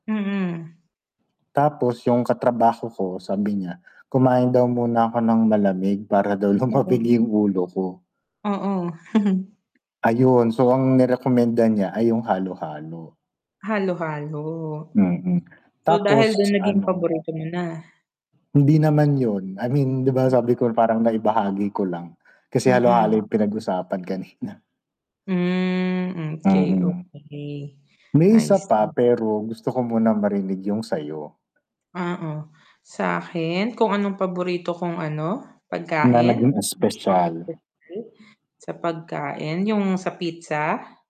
Mm. Tapos yung katrabaho ko sabi niya, kumain daw muna ako ng malamig para daw Oo. lumamig yung ulo ko. Oo. Ayun, so ang nirekomenda niya ay yung halo-halo. Halo-halo. Mm, So, dahil dun tapos naging ano paborito mo na. Hindi naman yun, I mean, 'di ba Mm. sabi ko parang naibahagi ko lang, kasi halo-halo yung Mm. pinag-usapan kanina. Hmm, okey, Mm. okey. May I isa pa see. pero gusto ko munan marinig yung sayo. Oo, sakin kung anong paborito kong ano, Na pagkain? naging espesyal. [unintelligible] Sa pagkain yung sa pizza.